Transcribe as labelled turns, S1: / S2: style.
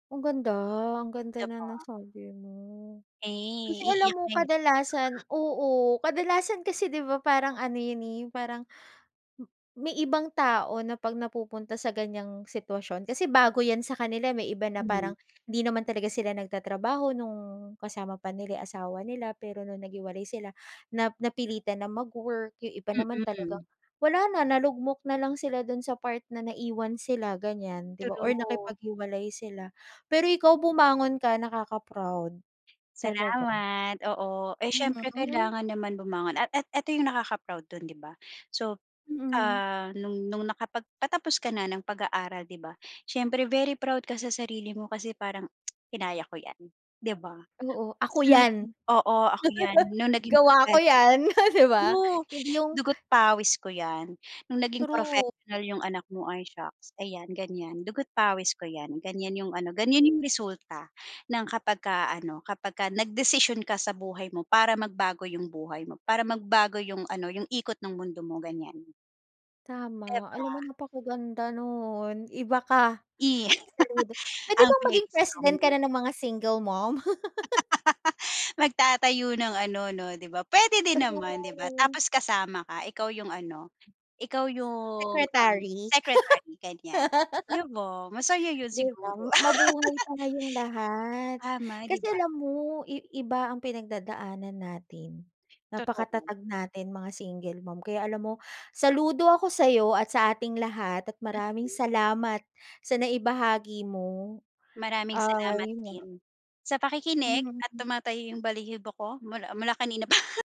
S1: Ang ganda ang
S2: Di
S1: ganda ng
S2: ba?
S1: nasabi mo.
S2: Eh
S1: Kasi alam
S2: iiyak
S1: mo,
S2: na yan.
S1: kadalasan oo kadalasan kasi di ba parang ano yun, eh, parang m may ibang tao na pag napupunta sa ganyang sitwasyon, kasi bago yan sa kanila. May iba na
S2: Hmm.
S1: parang di naman talaga sila nag tatrabaho nung kasama pa nila yung asawa nila, pero nung naghiwalay sila nap napilitan ng mag-work, yung iba naman talagang
S2: Mhm.
S1: wala na nalugmok nalang sila dun sa part na naiiwan sila, ganyan, di ba, or
S2: True.
S1: nakipaghiwalay sila. Pero ikaw bumangon ka, nakaka-proud. Talaga.
S2: Salamat. Oo, eh,
S1: Mhm,
S2: syempre
S1: mhm.
S2: kailangan naman bumangon at at eto yung nakaka-proud dun, di ba. So,
S1: Mhm.
S2: ah, nung nung nakapagpatapos ka na ng pag-aaral di ba, siyempre very proud ka sa sarili mo kasi parang, "Kinaya ko yan", di ba?
S1: Oo.
S2: At
S1: "Ako
S2: sa
S1: yan!''
S2: naging "Oo ako yan." Nung naging
S1: "Gawa ko
S2: professional
S1: yan," di ba?
S2: true,
S1: Hindi yung
S2: "Dugo't pawis ko yan." Nung naging professional
S1: True.
S2: yung anak mo, ay, shocks, "Ayan ganyan dugo't pawis ko yan," ganyan yung ano ganyan yung
S1: [unintelligible]
S2: resulta ng kapagka, ano, kapagka nagdesisyon ka sa buhay mo para magbago yung buhay mo, para magbago yung, ano, yung ikot ng mundo mo, ganyan. Di
S1: Tama, alam mo
S2: ba?
S1: napakaganda nun iba ka.
S2: Eh,
S1: Saludo pwede
S2: ang
S1: bang
S2: very
S1: maging
S2: strong
S1: president ka
S2: non.
S1: na ng mga single mom?
S2: Magtatayo ng ano no di ba? Pwede din naman diba,
S1: True
S2: tapos kasama ka, ikaw yung, ano, ikaw yung um,
S1: Secretary?
S2: secretary, ganyan. Di ba? Masaya yun
S1: Di ba?
S2: siguro.
S1: Mabuhay tayong lahat.
S2: Tama, 'di
S1: Kasi
S2: ba?
S1: alam mo, i iba ang pinagdadaanan natin.
S2: Totoo.
S1: Napakatatag natin mga single mom. Kaya alam mo saludo ako sayo at sa ating lahat. At maraming
S2: Mhm.
S1: salamat sa naibahagi mo.
S2: Maraming
S1: Ah
S2: salamat
S1: yun.
S2: din sa pakikinig, at
S1: Hmm.
S2: tumatayo yung balhibo ko mula mula kanina pa.